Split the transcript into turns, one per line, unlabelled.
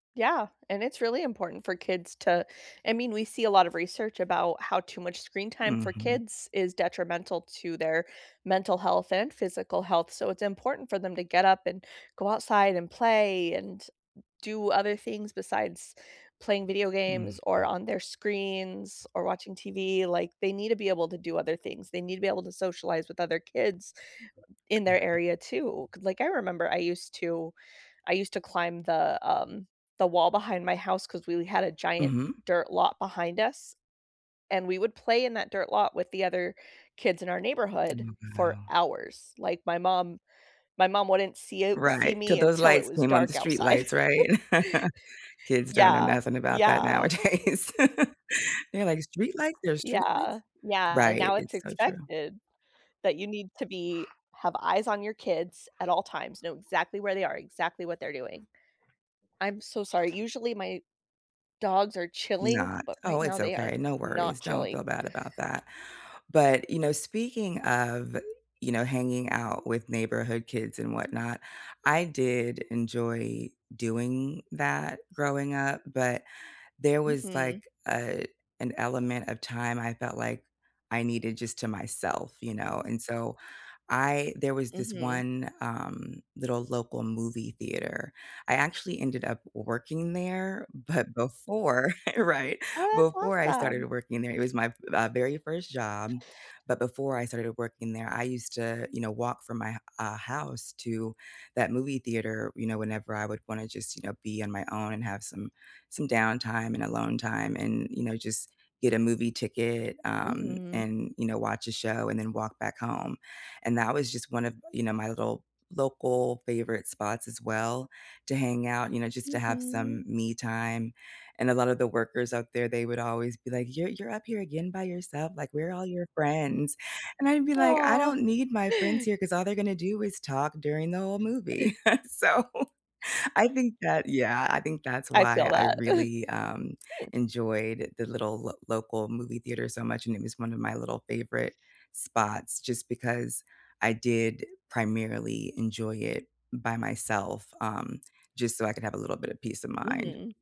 Yeah, and it's really important for kids to I mean, we see a lot of research about how too much screen time for
Mhm.
kids is detrimental to their mental health and physical health, so it's important for them to get up and go outside and play and do other things besides playing video games or
Mhm.
on their screens or watching TV, like, they need to be able to do other things, they need to be able to socialize with other kids in their
Right.
area too, 'cause, like, I remember I used to I used to climb the, um, the wall behind my house 'cause we had a giant
Mhm.
dirt lot behind us, and we would play in that dirt lot with the other kids in our
Oh
neighborhood for
wow.
hours, like, my mom my mom wouldn't see a see
Right, till
me
those
until it
lights
was
came on, the
dark
street
outside.
lights, right? Kids don't know
Yeah,
nothing about that
yeah.
nowadays. They're like "Street lights? There's street
Yeah,
lights?"
yeah, and
Right,
now it's
it's so true.
expected that you need to be have eyes on your kids at all times, know exactly where they are, exactly what they're doing. I'm so sorry, usually my dogs are chilling,
Not
but
Oh,
right
it's
now they are
okay, no worries,
not
don't feel
chilling.
bad about that. But, you know, speaking of, you know, hanging out with neighborhood kids and whatnot, I did enjoy doing that growing up, but there was,
Mhm.
like, a an element of time I felt like I needed just to myself, you know, and so I there was this
Mhm.
one, um, little local movie theater. I actually ended up working there, but before Right,
Oh,
before
that's
I started
awesome!
working there, it was my, v very first job, but before I started working there I used to, you know, walk from my h uh, house to that movie theater, you know, whenever I would wanna just, you know, be on my own and have some, some downtime and alone time, and, you know, just get a movie ticket, um,
Mhm.
and, you know, watch a show and then walk back home. And that was just one of, you know, my little local favorite spots as well, to hang out, you know, just to have
Mhm.
some me time, and a lotta the workers out there, they would always be like, "You're you're up here again by yourself?" Like, "Where are all your friends?" And I'd be like, "I
Aw.
don't need my friends here 'cause all they're gonna do is talk during the whole movie," so, I think that yeah, I think that's
I feel
why I
that.
really, um, enjoyed the little lo local movie theater so much, and it was one of my little favorite spots, just because I did primarily enjoy it by myself, um, just so I could have a little bit of peace of mind.
Mhm.